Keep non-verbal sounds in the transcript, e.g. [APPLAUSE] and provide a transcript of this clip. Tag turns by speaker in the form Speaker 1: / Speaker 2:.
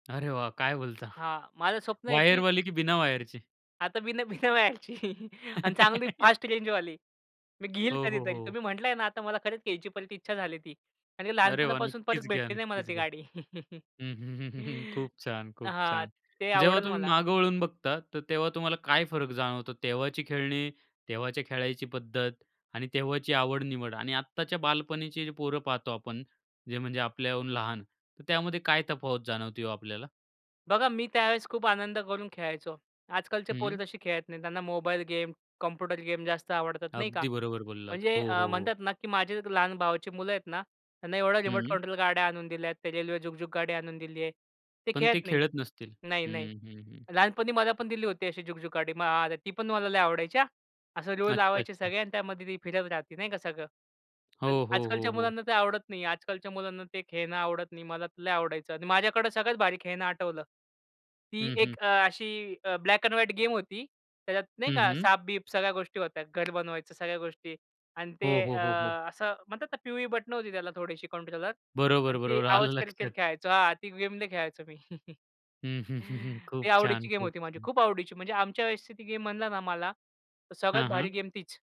Speaker 1: अरे, वाह! काय बोलता?
Speaker 2: हां, माझं स्वप्न आहे की
Speaker 1: वायरवाली की बिना वायरची?
Speaker 2: आता बिना बिना वायरची. [CHUCKLES] आणि चांगली फास्ट
Speaker 1: [LAUGHS]
Speaker 2: रेंजवाली. मी घेईल
Speaker 1: हो, हो,
Speaker 2: कधीतरी. तर
Speaker 1: हो.
Speaker 2: मी म्हटलंय ना, आता मला खरंच घ्यायची परत इच्छा झाली ती. आणि
Speaker 1: अरे, वाह!
Speaker 2: लहानपणापासून परत
Speaker 1: नक्कीच घ्या,
Speaker 2: भेटली नाही मला
Speaker 1: नक्कीच
Speaker 2: ती
Speaker 1: घ्या.
Speaker 2: गाडी.
Speaker 1: हं. [CHUCKLES] खूप
Speaker 2: [CHUCKLES]
Speaker 1: छान, खूप
Speaker 2: हां,
Speaker 1: छान.
Speaker 2: ते
Speaker 1: जेव्हा
Speaker 2: आवडलं
Speaker 1: तुम्ही
Speaker 2: मला.
Speaker 1: मागे वळून बघता, तर तेव्हा तुम्हाला काय फरक जाणवतो तेव्हाची खेळणी, तेव्हाच्या खेळायची पद्धत आणि तेव्हाची आवड-निवड आणि आत्ताच्या बालपणीची पोरं पाहतो आपण. जे म्हणजे आपल्याहून लहान. तर त्यामध्ये काय तफावत जाणवते हो आपल्याला?
Speaker 2: बघा, मी त्यावेळेस खूप आनंद करून खेळायचो. आजकालचे
Speaker 1: हं.
Speaker 2: पोरं तशी खेळत नाहीत. त्यांना मोबाईल गेम, कॉम्प्युटर गेम जास्त आवडतात, नाही का?
Speaker 1: अगदी बरोबर बोललात.
Speaker 2: म्हणजे
Speaker 1: हो, हो,
Speaker 2: अ,
Speaker 1: हो.
Speaker 2: म्हणतात ना, की माझे लहान भावाची मुलं आहेत ना. त्यांना एवढ्या रिमोट
Speaker 1: हं.
Speaker 2: कंट्रोल गाड्या आणून दिल्यात. ते रेल्वे झुकझुक गाडी आणून दिलीये. ते
Speaker 1: पण ते
Speaker 2: खेळत नाही.
Speaker 1: खेळत नसतील.
Speaker 2: नाही, नाही.
Speaker 1: हं, हं, हं.
Speaker 2: लहानपणी मला पण दिली होती अशी झगझुक गाडी. ती पण मला लई आवडायची हां. असं रुळ
Speaker 1: अच्छा,
Speaker 2: लावायचे
Speaker 1: अच्छा.
Speaker 2: सगळे आणि त्यामध्ये ते फिरत राहते नाही का सगळं.
Speaker 1: हो,
Speaker 2: तर
Speaker 1: हो, हो,
Speaker 2: आजकालच्या
Speaker 1: हो.
Speaker 2: मुलांना ते आवडत नाही. आजकालच्या मुलांना ते खेळणं आवडत नाही. मला लय आवडायचं आणि माझ्याकडे सगळ्यात भारी खेळणं आठवलं. ती
Speaker 1: हं,
Speaker 2: एक
Speaker 1: हं.
Speaker 2: अ, अशी ब्लॅक एंड व्हाईट गेम होती. त्याच्यात नाही
Speaker 1: हं,
Speaker 2: का,
Speaker 1: हं.
Speaker 2: साप-बीप सगळ्या गोष्टी होत्या. घर बनवायचं, सगळ्या गोष्टी आणि ते
Speaker 1: हो, हो,
Speaker 2: अ,
Speaker 1: हो, हो.
Speaker 2: असं म्हणतात ना, पिवळी बटन होती त्याला थोडीशी कंट्रोलर आणि
Speaker 1: बरोबर,
Speaker 2: ते
Speaker 1: बरोबर. आलं
Speaker 2: आवाज करत, करत
Speaker 1: लक्षात.
Speaker 2: खेळायचो. हां, ती गेम लय खेळायचो मी. [CHUCKLES]
Speaker 1: हं, हं, हं, हं.
Speaker 2: ती
Speaker 1: खूप छान,
Speaker 2: आवडीची गेम
Speaker 1: खूप
Speaker 2: होती माझी.
Speaker 1: छान.
Speaker 2: खूप आवडीची म्हणजे आमच्या व्यवस्थिती गेम म्हणलं ना मला, तर सगळ्यात
Speaker 1: हां,
Speaker 2: भारी
Speaker 1: हां.
Speaker 2: गेम तीच.